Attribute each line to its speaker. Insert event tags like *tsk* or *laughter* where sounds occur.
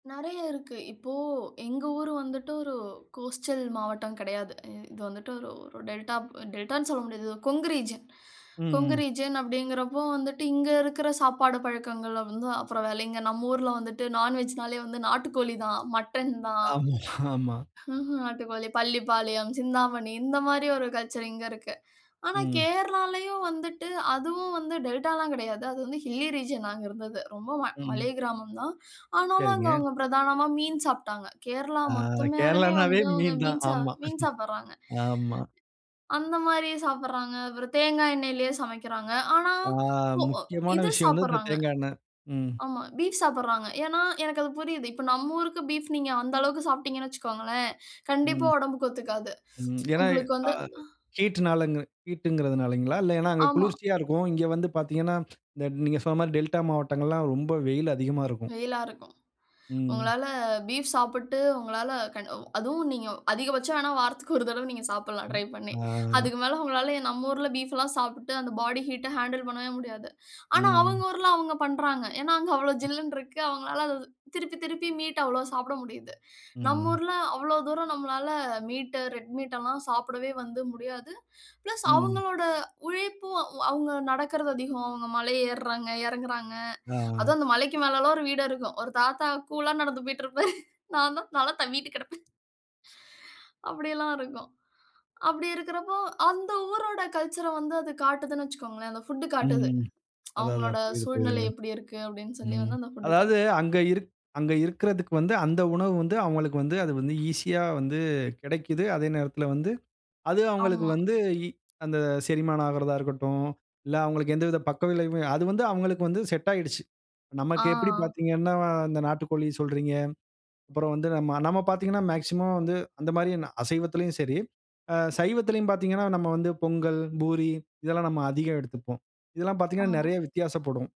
Speaker 1: நெறைய இருக்கு இப்போ எங்க ஊர் வந்துட்டு ஒரு கோஸ்டல் மாவட்டம் கெடையாது. இது வந்துட்டு ஒரு ஒரு டெல்டா டெல்டான்னு சொல்ல முடியாது. கொங்கு ரீஜியன்
Speaker 2: ம்
Speaker 1: கொங்கு
Speaker 2: ம்.
Speaker 1: ரீஜியன் அப்படிங்கிறப்போ வந்துட்டு, இங்க இருக்கிற சாப்பாடு பழக்கங்கல வந்து அப்புறம் வேலைங்கே நம்ம ஊர்ல வந்துட்டு நான்வெஜ்னாலே வந்து நாட்டுக்கோழி தான், மட்டன் தான்.
Speaker 2: ஆமா *laughs* ஆமா.
Speaker 1: *chuckles* ம்ஹ்ம் நாட்டுக்கோழி, பள்ளிப்பாளையம், சிந்தாமணி இந்த மாரி ஒரு கல்ச்சர் இங்க இருக்கு. ஆனா
Speaker 2: ம்.
Speaker 1: கேரளாலயும் வந்துட்டு, அதுவும் வந்து டெல்டாலாம் கிடையாது. அது வந்து ஹில்லி ரீஜியன் நாங்க இருந்தது. ரொம்ப ம மலை
Speaker 2: ம்.
Speaker 1: கிராமம் தான். ஆனாலும், அங்க
Speaker 2: சரிங்க.
Speaker 1: அவுங்க பிரதானமா மீன் சாப்ட்டாங்க. கேரளா
Speaker 2: ஆ,
Speaker 1: மொத்தமேயலுமே
Speaker 2: கேரளானாவே
Speaker 1: வந்து அவுங்க
Speaker 2: மீன் தான்.
Speaker 1: மீன்
Speaker 2: ஆமா.
Speaker 1: மீன் சாப்பிடறாங்க.
Speaker 2: ஆமா.
Speaker 1: அந்த மாரி சாப்பிடறாங்க. அப்புறம் தேங்காய் எண்ணெயிலயே சமைக்கிறாங்க. ஆனா
Speaker 2: ஆ,
Speaker 1: போ
Speaker 2: முக்கியமான
Speaker 1: இது
Speaker 2: விஷயம் வந்து இந்த
Speaker 1: சாப்பிடறாங்க.
Speaker 2: தேங்கா எண்ணெய். ம்.
Speaker 1: ஆமா பீஃப் சாப்பிடறாங்க. ஏன்னா எனக்கு அது புரியுது. இப்போ நம்ம ஊருக்கு பீஃப் நீங்க அந்த அளவுக்கு சாப்பிட்டீங்கன்னா வெச்சுக்கோங்களேன். கண்டிப்பா
Speaker 2: ம்.
Speaker 1: ஒடம்புக்கு ஒத்துக்காது.
Speaker 2: ம்.
Speaker 1: *tsk*
Speaker 2: ஏனா,
Speaker 1: உங்களுக்கு
Speaker 2: அ
Speaker 1: வந்து ஆ.
Speaker 2: ஹீட்னால அந்த ஹீட்டுங்கறது னாலீங்களா? ஏனா அங்க
Speaker 1: ஆமா.
Speaker 2: குளிர்ச்சியா இருக்கும். இங்க வந்து பார்த்தீங்கனா, நீங்க சொன்ன மாரி டெல்டா மாவட்டங்கள்லாம் ரொம்ப வெயில் அதிகமா இருக்கும்.
Speaker 1: வெயிலா இருக்கும்.
Speaker 2: ம்.
Speaker 1: உங்களால பீஃப் சாப்பிட்டு உங்களால கண் அதுவும் நீங்க, அதிகபட்சம் வேன்னா, வாரத்துக்கு ஒரு தடவ நீங்க சாப்புட்லாம். ட்ரை பண்ணி
Speaker 2: ஆ.
Speaker 1: அதுக்கு மேல உங்களால நம்ம ஊர்ல பீஃப் எல்லாம் சாப்ட்டுட்டு அந்த பாடி ஹீட்ட ஹேண்டில் பண்ணவே முடியாது. ஆனா
Speaker 2: ம்.
Speaker 1: அவுங்க ஊர்ல அவுங்க பண்றாங்க. ஏனா, அங்க அவ்ளோ ஜில்லுன்னு இருக்கு. அவுங்கனால அத திருப்பி திருப்பி மீட் அவ்ளோ சாப்பிட முடியுது. நம்ம
Speaker 2: ம்.
Speaker 1: ஊர்ல அவ்ளோ தூரம் நம்மளால மீட், ரெட் மீட் எல்லாம் சாப்பிடவே வந்து முடியாது. பிளஸ்
Speaker 2: ம்.
Speaker 1: அவுங்களோட உழைப்பும் அவுங்க நடக்கறது அதிகம். அவுங்க மலை ஏற்றாங்க, எறங்கறாங்க.
Speaker 2: ஆ.
Speaker 1: அதுவும் அந்த மலைக்கு மேலல்லாம் ஒரு வீடு இருக்கும். ஒரு தாத்தா கூலா நடந்து போய்ட்டு இருப்பாரு. நான் தான் தல தவ்வீட்டு கெடப்பன். அப்படியெல்லாம் இருக்கும். அப்படி இருக்கிறப்போ அந்த ஊரோட கல்ச்சர்ர வந்து அது காட்டுதுன்னு வெச்சுக்கோங்களேன். அந்த புட் காட்டுது.
Speaker 2: ம்
Speaker 1: *tsk*
Speaker 2: அதா, அதா
Speaker 1: அவங்களோட
Speaker 2: புரிது
Speaker 1: சூழ்நிலை
Speaker 2: புரிதுங்க.
Speaker 1: எப்படி இருக்கு அப்படி சொல்லி
Speaker 2: ம்
Speaker 1: வந்து அந்த புட்
Speaker 2: அதாவது
Speaker 1: காட்டு
Speaker 2: அங்க இருக் அங்க இருக்கறதுக்கு, வந்து அந்த உணவு வந்து அவங்களுக்கு வந்து அது வந்து ஈசியா வந்து கிடைக்குது. அதே நேரத்துல வந்து அது அவங்களுக்கு
Speaker 1: ஆமா.
Speaker 2: வந்து இ அந்த செரிமானம் ஆகறதா இருக்கட்டும். இல்ல அவங்களுக்கு எந்தவித பக்கவிளைவுமே அது வந்து அவங்களுக்கு வந்து செட்டாகிடுச்சு. நமக்கு எப்படி
Speaker 1: ஆ.
Speaker 2: பார்த்தீங்கன்னா, அந்த நாட்டுக்கோழி சொல்றீங்க. அப்புறம் வந்து நம்ம பார்த்தீங்கன்னா மேக்ஸிமம் வந்து அந்த மாரி அசைவத்துலேயும் சரி, சைவத்திலேயும் பார்த்தீங்கன்னா, நம்ம வந்து பொங்கல், பூரி இதெல்லாம் நம்ம அதிகம் எடுத்துப்போம். இதெல்லாம் பார்த்தீங்கன்னா,
Speaker 1: ஆமா.
Speaker 2: நெறைய வித்தியாசப்படும்.